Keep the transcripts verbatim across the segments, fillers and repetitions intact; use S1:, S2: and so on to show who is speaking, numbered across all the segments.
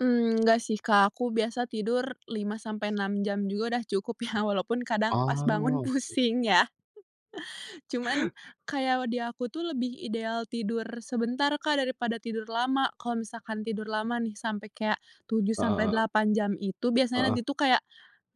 S1: Mmm, nggak sih, Kak. Aku biasa tidur lima sampai enam jam juga udah cukup ya. Walaupun kadang pas bangun
S2: Oh, oke.
S1: pusing ya. Cuman kayak kalau di aku tuh lebih ideal tidur sebentar, Kak, daripada tidur lama. Kalau misalkan tidur lama nih sampai kayak tujuh
S2: Heeh
S1: sampai
S2: heeh.
S1: delapan jam itu biasanya
S2: Heeh.
S1: nanti tuh kayak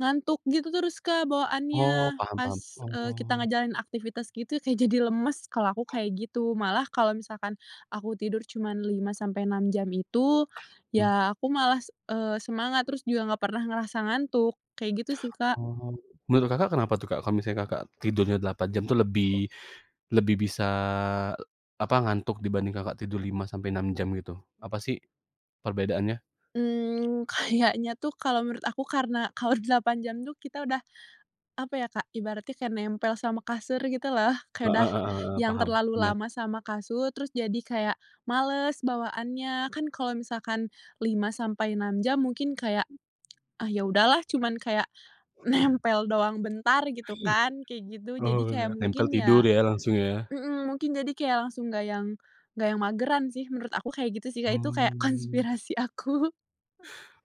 S1: ngantuk gitu terus, Kak,
S2: Oh,
S1: bawaannya
S2: paham
S1: pas,
S2: paham.
S1: eee, kita
S2: Oh.
S1: ngejalanin aktivitas gitu kayak jadi lemes, kalau aku kayak gitu. Malah kalau misalkan aku tidur cuman lima sampai enam jam itu,
S2: Mmm.
S1: ya aku malas, eee, semangat terus juga nggak pernah ngerasa ngantuk, kayak gitu sih, Kak.
S2: Oh, menurut Kakak kenapa tuh, Kak, kalau misalnya Kakak tidurnya delapan jam tuh lebih lebih bisa, apa, ngantuk dibanding Kakak tidur lima sampai enam jam gitu? Apa sih perbedaannya?
S1: Mmm, kayaknya tuh kalau menurut aku karena kalau delapan jam tuh kita udah apa ya, Kak, ibaratnya kayak nempel sama kasur gitu loh. Kayak
S2: Heeh
S1: udah
S2: heeh heeh,
S1: yang
S2: paham,
S1: terlalu
S2: iya.
S1: lama sama kasur terus jadi kayak males bawaannya. Kan kalau misalkan lima sampai enam jam mungkin kayak, "Ah, ya udahlah," cuman kayak nempel doang bentar gitu
S2: Iya.
S1: kan kayak gitu. Jadi
S2: Oh,
S1: kayak
S2: nempel
S1: mungkin
S2: tidur
S1: ya
S2: ya langsung ya.
S1: mhm, mungkin jadi kayak langsung nggak yang nggak yang mageran sih menurut aku, kayak gitu sih, Kak, itu kayak
S2: Mmm.
S1: konspirasi aku.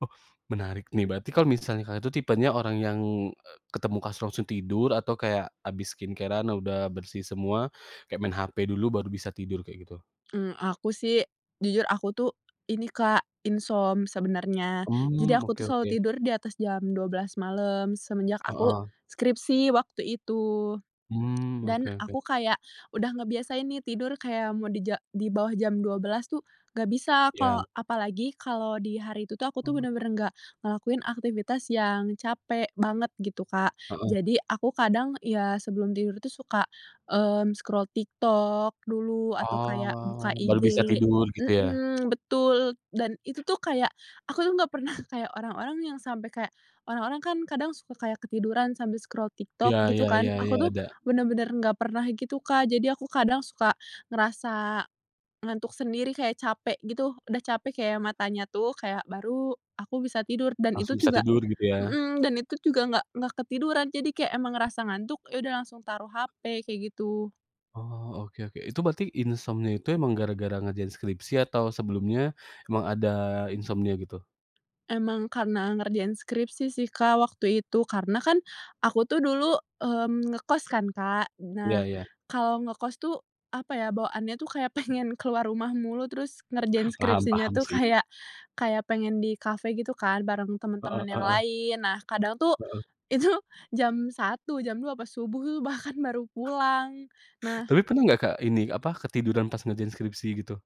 S2: Oh, menarik nih. Berarti kalau misalnya Kakak itu tipenya orang yang, e ketemu langsung tidur atau kayak habis skincare-an udah bersih semua kayak main HP dulu baru bisa tidur, kayak gitu?
S1: Mmm, aku sih jujur aku tuh ini, Kak, insom sebenarnya. Jadi
S2: Mmm,
S1: aku tuh
S2: oke
S1: selalu
S2: oke.
S1: tidur di atas jam dua belas malam semenjak aku
S2: Heeh.
S1: skripsi waktu itu,
S2: Mmm, oke
S1: dan
S2: oke.
S1: aku kayak udah ngebiasain nih tidur kayak mau di ja di bawah jam dua belas tuh nggak bisa,
S2: Ya.
S1: kok apalagi kalau di hari itu tuh aku tuh
S2: Oh.
S1: benar-benar nggak ngelakuin aktivitas yang capek banget gitu, Kak.
S2: Heeh.
S1: Jadi aku kadang ya sebelum tidur tuh suka, eee, scroll TikTok dulu atau kayak buka
S2: Oh, baru
S1: IG,
S2: bisa tidur gitu ya?
S1: mhm, betul. Dan itu tuh kayak, aku tuh nggak pernah kayak orang-orang yang sampai kayak orang-orang kan kadang suka kayak ketiduran sambil scroll TikTok
S2: Iya iya
S1: gitu kan.
S2: iya iya,
S1: Aku tuh
S2: ada.
S1: benar-benar nggak pernah gitu, Kak, jadi aku kadang suka ngerasa ngantuk sendiri kayak capek gitu. Udah capek kayak matanya tuh kayak baru aku bisa tidur dan
S2: Langsung
S1: itu
S2: bisa
S1: juga
S2: tidur gitu ya.
S1: mhm, dan itu juga enggak enggak ketiduran. Jadi kayak emang ngerasa ngantuk, ya udah langsung taruh HP kayak gitu.
S2: Oh, oke oke. Itu berarti insomnia itu emang gara-gara ngerjain skripsi atau sebelumnya emang ada insomnia gitu?
S1: Emang karena ngerjain skripsi sih, Kak, waktu itu. Karena kan aku tuh dulu, mmm, ngekos kan, Kak.
S2: Iya
S1: Nah,
S2: iya.
S1: kalau ngekos tuh apa ya, bawaannya tuh kayak pengen keluar rumah mulu terus ngerjain
S2: Paham
S1: skripsinya
S2: paham,
S1: tuh
S2: sih.
S1: kayak kayak pengen di kafe gitu kan bareng
S2: Heeh
S1: teman-teman yang
S2: heeh.
S1: lain. Nah, kadang tuh,
S2: Heeh.
S1: itu jam satu, jam dua apa, subuh bahkan baru pulang.
S2: Tapi
S1: Nah
S2: pernah nggak, Kak, ini apa, ketiduran pas ngerjain skripsi gitu?